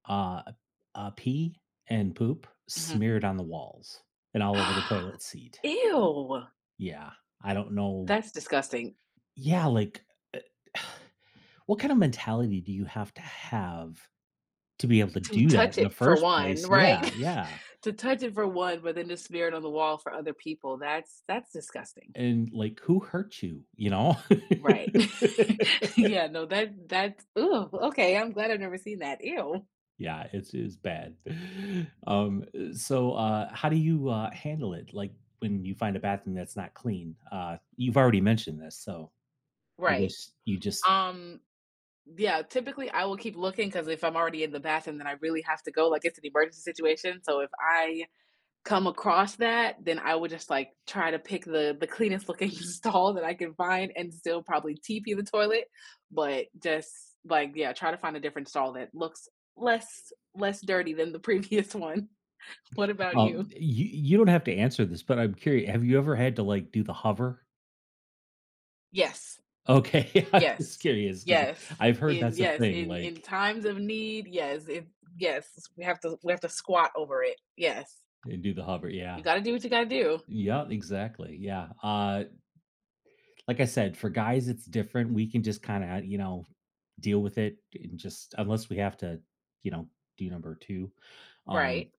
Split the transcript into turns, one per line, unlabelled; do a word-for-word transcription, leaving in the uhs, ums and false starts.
Uh uh uh, pee and poop
Mhm.
smeared on the walls and all over the toilet seat.
Ew.
Yeah, I don't know
That's disgusting.
Yeah, like, eh, what kind of mentality do you have to have to be able to
To
do that
touch
in the
it for
first
one,
place?
right?
Yeah, yeah.
To touch it for one, but then the smear it on the wall for other people, that's that's disgusting.
And like, "Who hurt you?" You know?
Right. Yeah, no, that that's, ugh, okay, I'm glad I've never seen that, ew.
Yeah, it's it's bad. Um, eh, so, uh, how do you, uh, handle it? Like when you find a bathroom that's not clean, uh, you've already mentioned this, so I
Right.
guess you just
Um, yeah, typically, I will keep looking 'cause if I'm already in the bathroom, then I really have to go, like it's an emergency situation. So if I come across that, then I would just like try to pick the the cleanest looking stall that I can find and still probably TP the toilet, but just like, yeah, try to find a different stall that looks less less dirty than the previous one. What about
Well, y
you?
you, you don't have to answer this, but I'm curi have you ever had to like do the hover?
Yes.
Okay, I'm
Yes.
just curious ‘cause
Yes.
I've heard
In
that's a
yes,
thing
in in
like
times of need, yes, it yes, we have to we have to squat over it. Yes.
And do the hover, yeah.
You gotta do what you gotta do.
Yeah, exactly, yeah, uh like I said, for guys it's different. We can just kinda, you know, deal with it and just unless we have to, you know, do number two, um
Right.